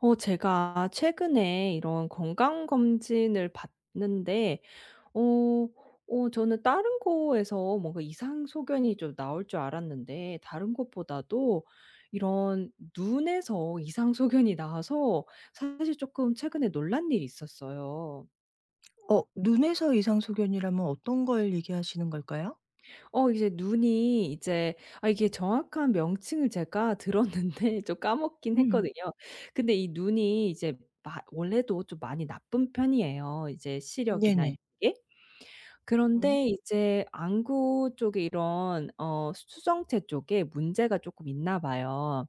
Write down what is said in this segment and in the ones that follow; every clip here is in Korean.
어 제가 최근에 이런 건강검진을 받는데 어 어 저는 다른 곳에서 뭔가 이상 소견이 좀 나올 줄 알았는데 다른 곳보다도 이런 눈에서 이상 소견이 나와서 사실 쪼끔 최근에 놀란 일이 있었어요. 어. 눈에서 이상소견이라면 어떤 걸 얘기하시는 걸까요? 어 이제 눈이 이제 아 이게 정확한 명칭을 제가 들었는데 좀 까먹긴 음음. 했거든요. 근데 이 눈이 이제 마 원래도 좀 많이 나쁜 편이에요 이제 시력이나 이런 네네. 게. 음. 그런데 이제 안구 쪽에 이런 어 수 수정체 쪽에 문제가 쪼끔 있나 봐요.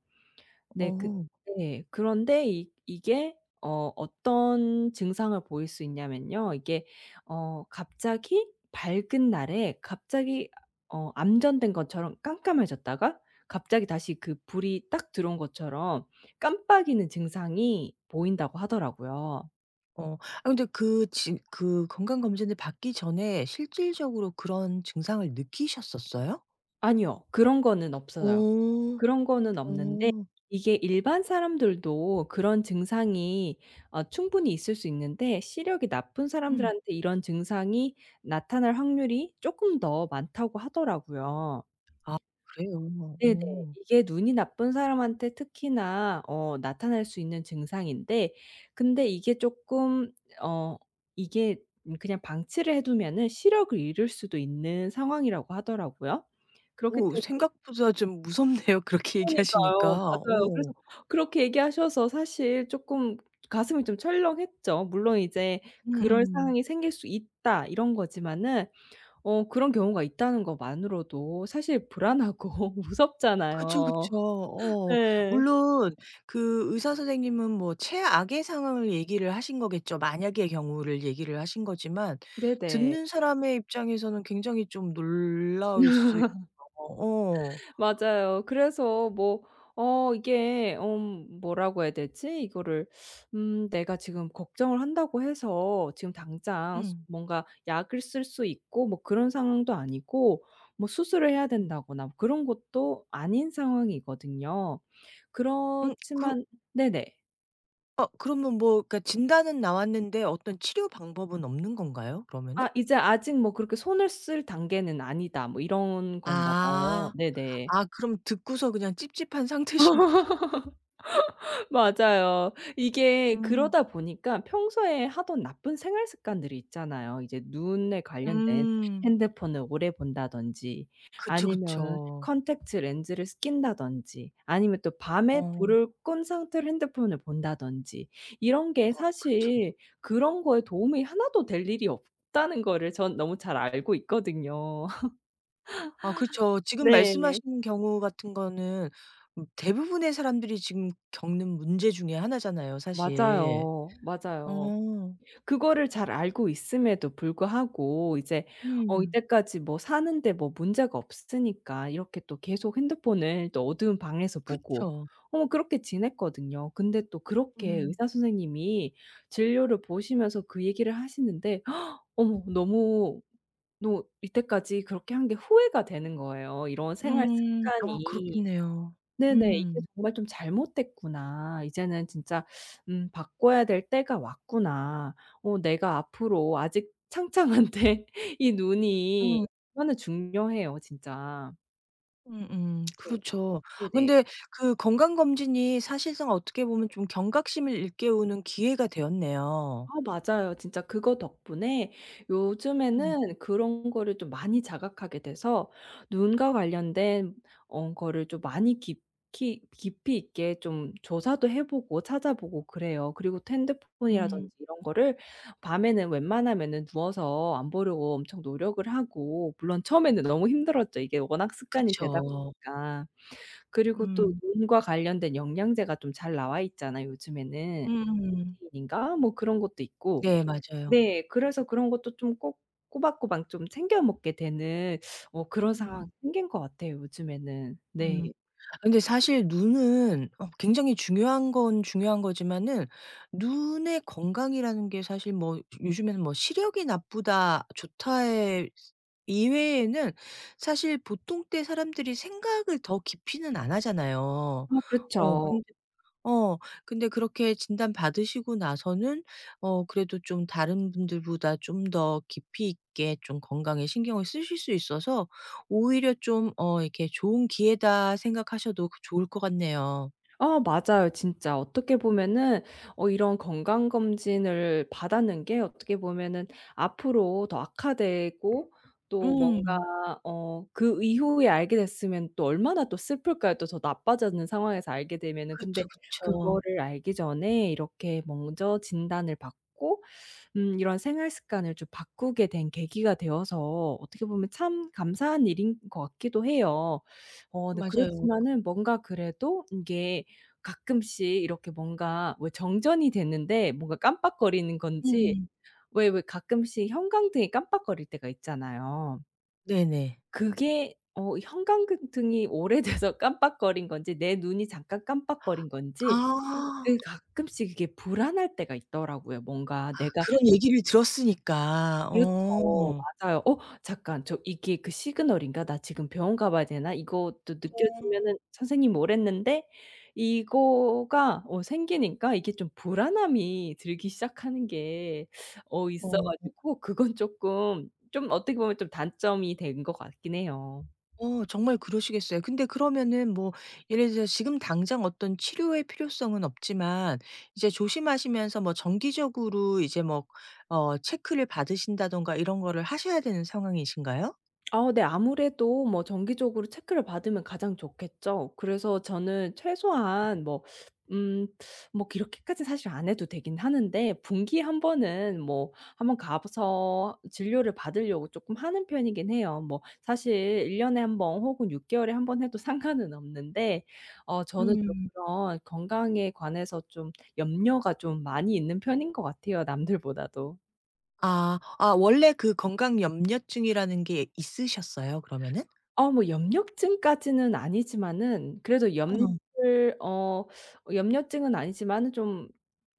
네. 그 어. 네. 그런데 이 이게 어 어떤 증상을 보일 수 있냐면요. 이게 어 갑자기 밝은 날에 갑자기 어 암전된 것처럼 깜깜해졌다가 갑자기 다시 그 불이 딱 들어온 것처럼 깜빡이는 증상이 보인다고 하더라고요. 어. 아 근데 그 지 그 건강 검진을 받기 전에 실질적으로 그런 증상을 느끼셨었어요? 아니요. 그런 거는 없어요. 어. 그런 거는 없는데 어. 이게 일반 사람들도 그런 증상이 어 충분히 있을 수 있는데 시력이 나쁜 음. 사람들한테 이런 증상이 나타날 확률이 쪼끔 더 많다고 하더라고요. 아 그래요? 네네. 어. 이게 눈이 나쁜 사람한테 특히나 어 나타날 수 있는 증상인데 근데 이게 쪼끔 어 이게 그냥 방치를 해 두면은 시력을 잃을 수도 있는 상황이라고 하더라고요. 그렇기 어 때문에 생각보다 좀 무섭네요, 그렇게 얘기하시니까. 그러니까요. 맞아요. 어. 그래서 그렇게 얘기하셔서 사실 쪼끔 가슴이 좀 철렁했죠. 물론 이제 '그럴 음음. 상황이 생길 수 있다.' 이런 거지만은 어 그런 경우가 있다는 것만으로도 사실 불안하고 그쵸, 그쵸. 무섭잖아요. 어. 예. 물론 그 의사 선생님은 뭐 최악의 상황을 얘기를 하신 거겠죠. 만약의 경우를 얘기를 하신 거지만 네네. 듣는 사람의 입장에서는 굉장히 좀 놀라울 수 있죠. 어. 맞아요. 그래서 뭐 어 이게 음 뭐라고 해야 되지? 이거를 음 내가 지금 걱정을 한다고 해서 지금 당장 수 음. 뭔가 약을 쓸 수 있고 뭐 그런 상황도 아니고 뭐 수술을 해야 음. 된다거나 그런 것도 아닌 상황이거든요. 음. 그 그렇지만 네네. 어. 그러면 뭐 그러니까 진단은 나왔는데 어떤 치료 방법은 없는 건가요 그러면은? 아 이제 아직 뭐 그렇게 '손을 쓸 단계는 아니다.' 뭐 이런 건가 봐요. 아. 네네. 아 그럼 듣고서 그냥 찝찝한 상태신 거군요. 맞아요. 이게 음. 그러다 보니까 평소에 하던 나쁜 생활 습관들이 있잖아요, 이제 눈에 관련된. 음. 핸드폰을 오래 본다든지 그쵸, 아니면은 그쵸. 콘택트렌즈를 쓰 낀다든지 아니면 또 밤에 어 불을 끈 상태로 핸드폰을 본다든지 이런 게 아 그쵸. 사실 그런 거에 도움이 하나도 될 일이 없다는 거를 전 너무 잘 알고 있거든요. 아 그쵸. 지금 네 예. 말씀하신 경우 같은 거는 음 대부분의 사람들이 지금 겪는 문제 중에 하나잖아요 사실. 맞아요, 맞아요. 어. 그거를 잘 알고 있음에도 불구하고 이제 어 음. 이때까지 뭐 사는데 뭐 문제가 없으니까 이렇게 또 계속 핸드폰을 또 어두운 방에서 보고. 그쵸. 어 뭐 그렇게 지냈거든요. 근데 또 그렇게 음. 의사 선생님이 진료를 보시면서 그 얘기를 하시는데 어머 너무 너 이때까지 그렇게 한 게 후회가 되는 거예요, 이런 생활 음. 아 습관이. 그렇겠네요. 네네. '이게 음. 정말 좀 잘못됐구나. 이제는 진짜 음 바꿔야 될 때가 왔구나. 어 내가 앞으로 아직 창창한데' 이 음. 눈이 얼마나 중요해요, 진짜. 음 음 네. 그렇죠. 네네. 근데 그 건강검진이 사실상 어떻게 보면 좀 경각심을 일깨우는 기회가 되었네요. 아 맞아요. 진짜 그거 덕분에 음. 요즘에는 그런 거를 좀 많이 자각하게 돼서 눈과 관련된 어 거를 좀 많이 깊이 깊이 있게 좀 조사도 해보고 찾아보고 그래요. 그리고 또 핸드폰이라든지 음. 이런 거를 밤에는 웬만하면은 누워서 안 보려고 엄청 노력을 하고. 물론 처음에는 너무 힘들었죠 이게 워낙 습관이 되다 그쵸. 보니까. 그리고 또 음. 눈과 관련된 영양제가 좀 잘 나와 있잖아요 요즘에는. 음. 루테인인가? 뭐 그런 것도 있고. 네. 맞아요. 네. 그래서 그런 것도 좀 꼬 꼬박꼬박 좀 챙겨 먹게 되는 어 그런 상황이 음. 생긴 것 같아요 요즘에는. 네. 음. 아 근데 사실 눈은 어 굉장히 중요한 건 중요한 거지만은 눈의 건강이라는 게 사실 뭐 좀 요즘에는 뭐 시력이 나쁘다 좋다의 이외에는 사실 보통 때 사람들이 생각을 더 깊이는 안 하잖아요. 어 어 그렇죠. 근데 어 근데 그렇게 진단 받으시고 나서는 어 그래도 좀 다른 분들보다 좀 더 깊이 있게 좀 건강에 신경을 쓰실 수 있어서 오히려 좀 어 이렇게 좋은 기회다 생각하셔도 그 좋을 것 같네요. 아 맞아요 진짜. 어떻게 보면은 어 이런 건강검진을 받았는 게 어떻게 보면은 앞으로 더 악화되고 또 음. 뭔가 어 그 이후에 알게 됐으면 또 얼마나 또 슬플까요 또 더 나빠지는 상황에서 알게 되면은. 근데 그쵸, 그쵸. 그거를 알기 전에 이렇게 먼저 진단을 받고 음 이런 생활 습관을 좀 바꾸게 된 계기가 되어서 어떻게 보면 참 감사한 일인 것 같기도 해요. 어 근데 맞아요. 그렇지만은 뭔가 그래도 이게 가끔씩 이렇게 뭔가 왜 정전이 됐는데 뭔가 깜빡거리는 건지 음. 왜, 왜 가끔씩 형광등이 깜빡거릴 때가 있잖아요. 네네. 그게 어 형광등이 오래돼서 깜빡거린 건지 내 눈이 잠깐 깜빡거린 건지 아. 그 가끔씩 이게 불안할 때가 있더라고요. 뭔가 아 내가 그런 얘기를 들었으니까. 그렇죠. 어. 맞아요. '어 잠깐. 저 이게 그 시그널인가? 나 지금 병원 가 봐야 되나? 이것도 어. 느껴지면은 선생님이 오랬는데.' 이거가 어 생기니까 이게 좀 불안함이 들기 시작하는 게 어 있어 어. 가지고 그건 쪼끔 좀 어떻게 보면 단점이 된 것 같긴 해요. 어 정말 그러시겠어요. 근데 그러면은 뭐 예를 들어서 지금 당장 어떤 치료의 필요성은 없지만 이제 조심하시면서 뭐 정기적으로 이제 뭐 어 체크를 받으신다든가 이런 거를 하셔야 되는 상황이신가요? 아 네. 아무래도 뭐 정기적으로 체크를 받으면 가장 좋겠죠. 그래서 저는 음. 최소한 뭐 음 뭐 그렇게까진 사실 안 해도 되긴 하는데 분기에 1 번은 뭐 한번 가 봐서 진료를 받으려고 쪼끔 하는 편이긴 해요. 뭐 사실 1 년에 1 번, 혹은 6 개월에 1 번 해도 상관은 없는데 어 저는 좀 음. 그런 건강에 관해서 좀 염려가 좀 많이 있는 편인 것 같아요, 남들보다도. 아, 아 원래 그 건강 염려증이라는 게 있으셨어요? 그러면은? 어 뭐 염려증까지는 아니지만은 그래도 음. 염려를 어 염려증은 아니지만은 좀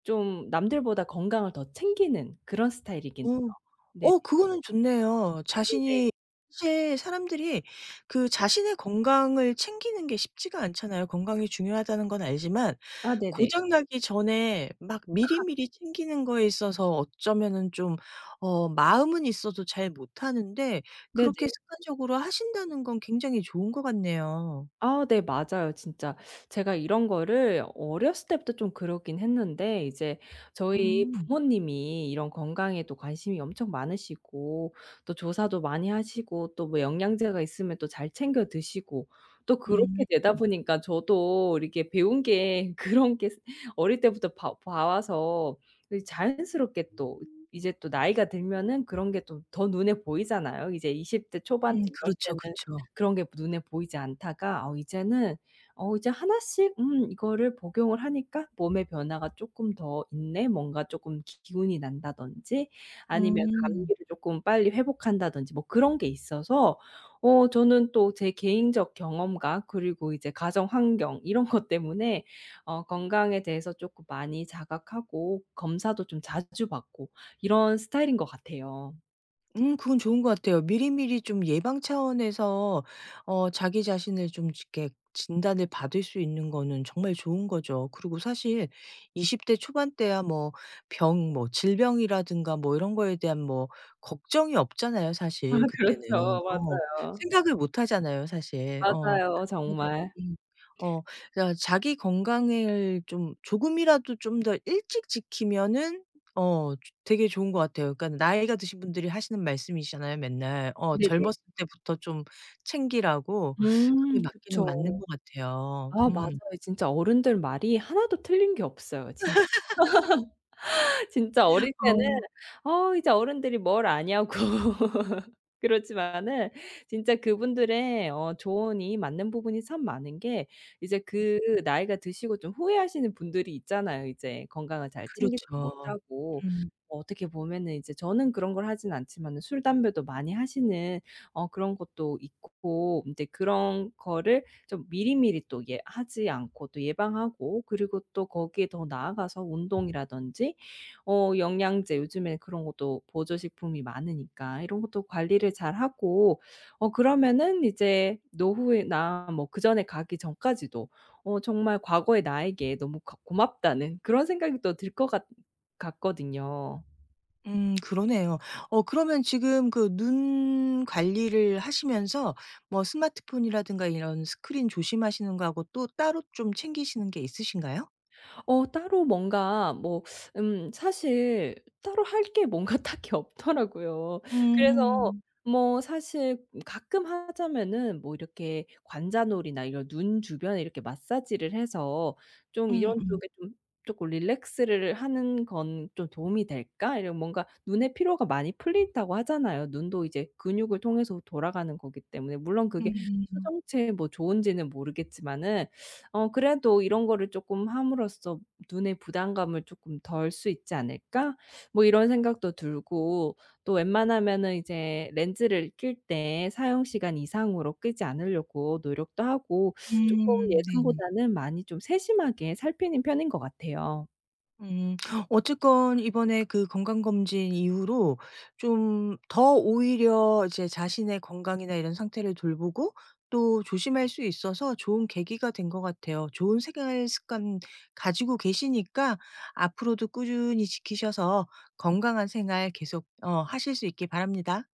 좀 남들보다 건강을 더 챙기는 그런 스타일이긴 어. 해요. 네네. 어 그거는 좋네요. 네네. 자신이 사실 사람들이 그 자신의 건강을 챙기는 게 쉽지가 않잖아요. 건강이 중요하다는 건 알지만 아 네네. 고장 나기 전에 막 약간. 미리미리 챙기는 거에 있어서 어쩌면은 좀 어 마음은 있어도 잘 못하는 데 그렇게 네네. 습관적으로 하신다는 건 굉장히 좋은 것 같네요. 아 네 맞아요 진짜. 제가 이런 거를 어렸을 때부터 좀 그러긴 했는데 이제 저희 음. 부모님이 이런 건강에도 관심이 엄청 많으시고 또 조사도 많이 하시고 또 뭐 영양제가 있으면 또 잘 챙겨 드시고. 또 음. 그렇게 되다 보니까 저도 이렇게 배운 게 그런 게 어릴 때부터 봐 봐와서 그 자연스럽게 또 이제 또 나이가 들면은 그런 게 또 더 눈에 보이잖아요. 이제 20 대 초반 음 때 이럴 그렇죠 때는 그쵸. 그런 게 눈에 보이지 않다가 어 이제는 어 이제 하나씩 "음 이거를 복용을 하니까 몸의 변화가 쪼끔 더 있네." 뭔가 쪼끔 기 기운이 난다든지. 아니면 음. 감기를 쪼끔 빨리 회복한다든지 뭐 그런 게 있어서 어 저는 또 제 개인적 경험과 그리고 이제 가정 환경 이런 것 때문에 어 건강에 대해서 쪼끔 많이 자각하고 검사도 좀 자주 받고 이런 스타일인 것 같아요. 음 그건 좋은 것 같아요. 미리미리 좀 예방 차원에서 어 자기 자신을 좀 이렇게 진단을 받을 수 있는 거는 정말 좋은 거죠. 그리고 사실 20 대 초반 때야 뭐 병 뭐 질병이라든가 뭐 이런 거에 대한 뭐 걱정이 없잖아요, 아, 사실 그때는. 그렇죠. 어. 맞아요. 생각을 못 하잖아요, 사실. 어. 맞아요, 그러다 정말. 보니 어 그래가 자기 건강을 좀 조금이라도 좀 더 일찍 지키면은 어 조 되게 좋은 것 같아요. 그러니까 나이가 드신 분들이 하시는 말씀이시잖아요 맨날. 어, 네네. 젊었을 때부터 좀 챙기라고 그게 음 맞기는 그쵸. 맞는 것 같아요. 아, 맞아요. 음. 진짜 어른들 말이 하나도 틀린 게 없어요 진짜. 진짜 어릴 때는 어. 어 이제 어른들이 뭘 아냐고. 그렇지만은 진짜 그분들의 어 조언이 맞는 부분이 참 많은 게 이제 그 나이가 드시고 좀 후회하시는 분들이 있잖아요 이제. 건강을 잘 챙기지 그렇죠. 못하고 음. 어떻게 보면은 이제 저는 그런 걸 하진 않지만은 술, 담배도 많이 하시는 어 그런 것도 있고 인제 그런 거를 좀 미리미리 또 예 하지 않고 또 예방하고 그리고 또 거기에 더 나아가서 운동이라든지 어 영양제 요즘에 그런 것도 보조 식품이 많으니까 이런 것도 관리를 잘하고 어 그러면은 이제 노후에나 뭐 그전에 가기 전까지도 어 정말 과거의 나에게 너무 가 고맙다는 그런 생각이 또 들 것 같 같거든요. 음 그러네요. 어 그러면 지금 그 눈 관리를 하시면서 뭐 스마트폰이라든가 이런 스크린 조심하시는 거하고 또 따로 좀 챙기시는 게 있으신가요? 어 따로 뭔가 뭐 음, 사실 따로 할 게 뭔가 딱히 없더라고요. 그래서 음. 뭐 사실 가끔 하자면은 뭐 이렇게 관자놀이나 이런 눈 주변에 이렇게 마사지를 해서 좀 이런 음음. 쪽에 좀 '쪼끔 릴렉스를 하는 건 좀 도움이 될까?' 이런 뭔가 눈에 피로가 많이 풀린다고 하잖아요. 눈도 이제 근육을 통해서 돌아가는 거기 때문에 물론 그게 음음. 수정체에 뭐 좋은지는 모르겠지만은 어 그래도 이런 거를 쪼끔 함으로써 '눈에 부담감을 쪼끔 덜 수 있지 않을까?' 뭐 이런 생각도 들고. 또 웬만하면은 이제 렌즈를 낄 때 사용 시간 이상으로 끼지 않으려고 노력도 하고 쪼끔 음 네네. 예전보다는 많이 좀 세심하게 살피는 편인 것 같아요. 음. 어쨌건 이번에 그 건강검진 이후로 좀 더 오히려 이제 자신의 건강이나 이런 상태를 돌보고 또 조심할 수 있어서 좋은 계기가 된 것 같아요. 좋은 생활 습관 가지고 계시니까 앞으로도 꾸준히 지키셔서 건강한 생활 계속 어 하실 수 있기 바랍니다.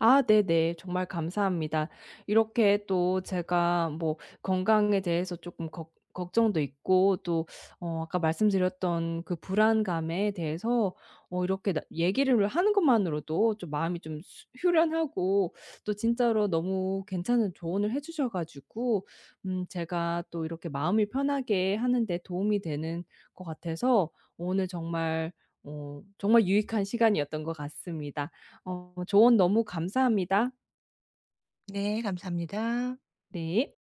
아, 네네. 정말 감사합니다. 이렇게 또 제가 뭐 건강에 대해서 쪼끔 걱 걱정도 있고 또 어 아까 말씀드렸던 그 불안감에 대해서 어 이렇게 나 얘기를 하는 것만으로도 좀 마음이 좀 수 후련하고 또 진짜로 너무 괜찮은 조언을 해주셔 가지고 음 제가 또 이렇게 마음을 편하게 하는 데 도움이 되는 것 같아서 오늘 정말 어 정말 유익한 시간이었던 것 같습니다. 어 조언 너무 감사합니다. 네, 감사합니다. 네.